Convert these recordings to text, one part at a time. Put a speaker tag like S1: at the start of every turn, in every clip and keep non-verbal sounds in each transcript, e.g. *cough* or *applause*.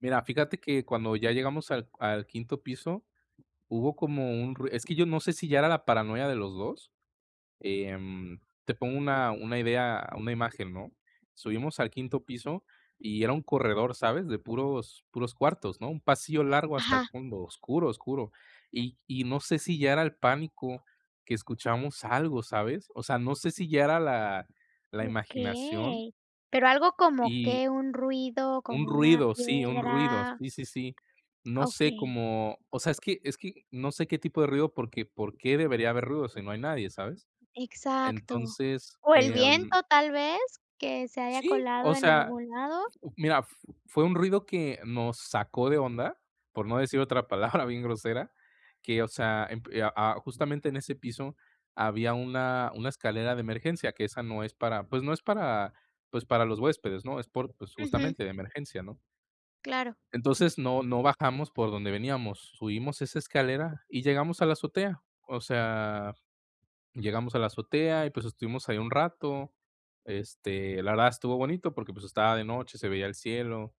S1: Mira, fíjate que cuando ya llegamos al al quinto piso hubo como un rui es que yo no sé si ya era la paranoia de los 2, em, te pongo una una idea una imagen, ¿no? Subimos al quinto piso y era un corredor, ¿sabes?, de puros puros cuartos, ¿no?, un pasillo largo hasta el
S2: Ajá.
S1: fondo oscuro, oscuro, y y no sé si ya era el pánico que escuchamos algo, ¿sabes? O sea, no sé si ya era la la imaginación
S2: Okey, ¿pero algo como
S1: y,
S2: qué, un ruido,
S1: un
S2: como una
S1: ruido, sí, un ruido.
S2: piedra?
S1: Sí, sí, sí. No sé
S2: Okey.
S1: como o sea, es que es que no sé qué tipo de ruido porque, ¿por qué debería haber ruido si no hay nadie?, ¿sabes?
S2: Exacto.
S1: Entonces,
S2: O el
S1: em
S2: viento, tal vez, que se haya
S1: Sí,
S2: colado
S1: o
S2: en
S1: sea,
S2: algún lado.
S1: f mira, f fue un ruido que nos sacó de onda, por no decir otra palabra bien grosera que, o sea, emp eh, a a justamente en ese piso había una una escalera de emergencia, que esa no es para pues no es para, pues, para los huéspedes, ¿no?, es por pues,
S2: Ujú.
S1: justamente de emergencia, ¿no?
S2: Claro.
S1: Entonces, no no bajamos por donde veníamos, subimos esa escalera y llegamos a la azotea. O sea, llegamos a la azotea y, pues, estuvimos ahí un rato, este, la verdad estuvo bonito porque, pues, estaba de noche, se veía el cielo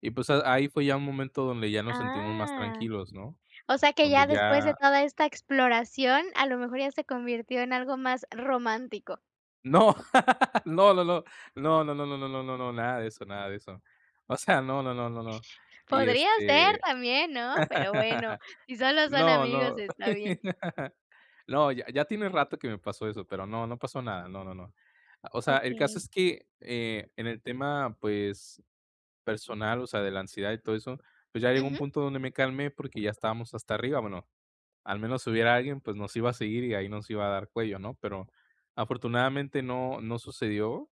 S1: y, pues, a ahí fue ya un momento donde ya nos sentimos más
S2: Ah,
S1: tranquilos, ¿no?
S2: o sea que, ya
S1: Donde
S2: después de
S1: ya
S2: toda esta exploración, a lo mejor, ya se convirtió en algo más romántico.
S1: No, *laughs* no, no, no. No, no, no, no, no, no, no, nada de eso, nada de eso. O sea, no, no, no, no, no, y,
S2: Podría ser
S1: este
S2: también, ¿no?, pero bueno,
S1: *laughs*
S2: si solo son
S1: No,
S2: amigos
S1: no.
S2: está bien.
S1: *laughs* No, ya ya tiene rato que me pasó eso, pero no, no pasó nada, no, no, no. O sea, el caso es
S2: Okey.
S1: que, eh, en el tema, pues, personal, o sea, de la ansiedad y todo eso, pues, ya llegó un
S2: Ujú.
S1: punto donde me calmé porque ya estábamos hasta arriba, bueno, al menos si hubiera alguien, pues, nos iba a seguir y ahí nos iba a dar cuello, ¿no?, pero afortunadamente no no sucedió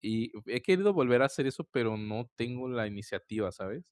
S1: y he querido volver a hacer eso, pero no tengo la iniciativa, ¿sabes?